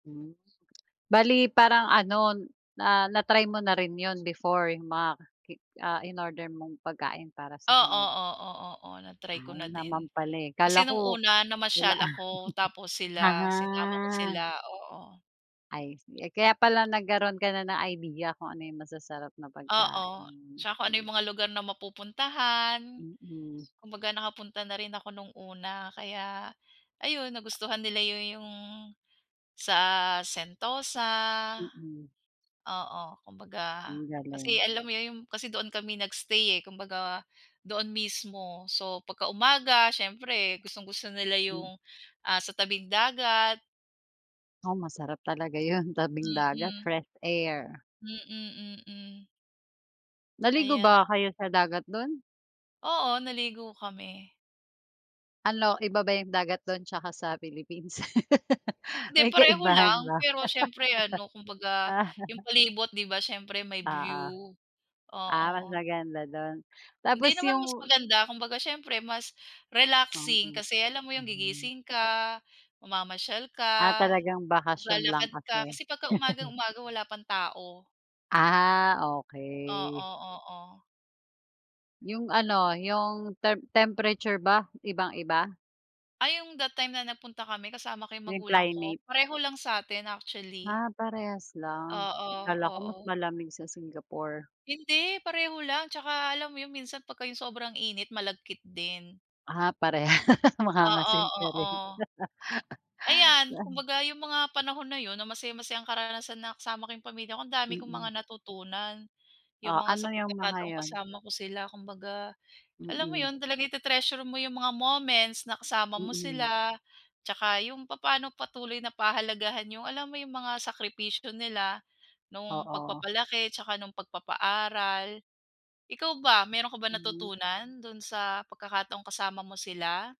Hmm. Bale parang ano, n na na-try mo na rin yun before yung mga ki ah, inorder mong pagkain para sa Oo, kanila? oo, oo, na-try ko Ay, na naman din. pala, eh. Kasi Kala nung ko una, wala. namasyal ako tapos sila, sinama ko sila, Ah. oo. Ay sige. Eh, kaya pala nagkaro'n ka na ng idea kung ano yung masasarap na Oo, pagkain. tsaka kung ano yung mga lugar na mapupuntahan. Mm. Kumbaga, nakapunta na rin ako nung una kaya ayun, nagustuhan nila yun yung sa Sentosa. Mm. Oo, kumbaga Ang kasi galing. alam mo yun yung kasi doon kami nag-stay, eh. Kumbaga, doon mismo. So, pagka umaga siyempre gustong-gusto nila M yung, ah, sa tabing dagat. Oo, masarap talaga yun, tabing dagat, Mm. fresh air. Mm, mm. Naligo Aya ba kayo sa dagat dun? Oo, naligo kami. Ano, iba ba yung dagat dun tsaka sa Philippines? Hindi, May pareho kaibahan lang. ba? Pero siyempre ano, kumbaga Ah. yung palibot di ba siyempre may Oo. view. Ah, Oo. mas maganda dun. Tapos Hindi naman mas yung maganda. Kumbaga, siyempre mas relaxing Mm. kasi alam mo yung Hmm. gigising ka, mamamasyal Ah, ka, talagang bakasyon lang maglalakad ka. kasi. Kasi pagka umagang-umaga wala pang tao. Ah, okey. Oo, oo. Yung ano, yung temp temperature ba ibang-iba? Ay yung that time na nagpunta kami kasama ko yung Yung magulang ko. climate. Pareho lang sa'tin, actually. Ah, parehas lang. Oo, Akala ko mas oo. malamig sa Singapore. Hindi. Pareho lang tsaka alam mo yung minsan pagka yung sobrang init malagkit din. Ah, parehas. Oo, Mangangasim ka rin. oo. Ayan, kumbaga 'yong mga panahon na yun na masayang-masayang karanasan na kasama ko 'yong pamilya ko, ang dami kong mga Mm. natutunan. 'Yong Oh, mga sa ano yung mga pagkakataong yun? kasama ko sila kumbaga, alam mo Mm. 'yon, talaga iti-treasure mo 'yong mga moments na kasama mo Mm. sila tsaka 'yong papa'no patuloy na pahalagahan 'yong alam mo 'yong mga sakripisyo nila no'ng Oo. pagpapalaki tsaka no'ng pagpapaaral. Ikaw ba, meron ka bang Hmm. natutunan do'n sa pagkakataong kasama mo sila?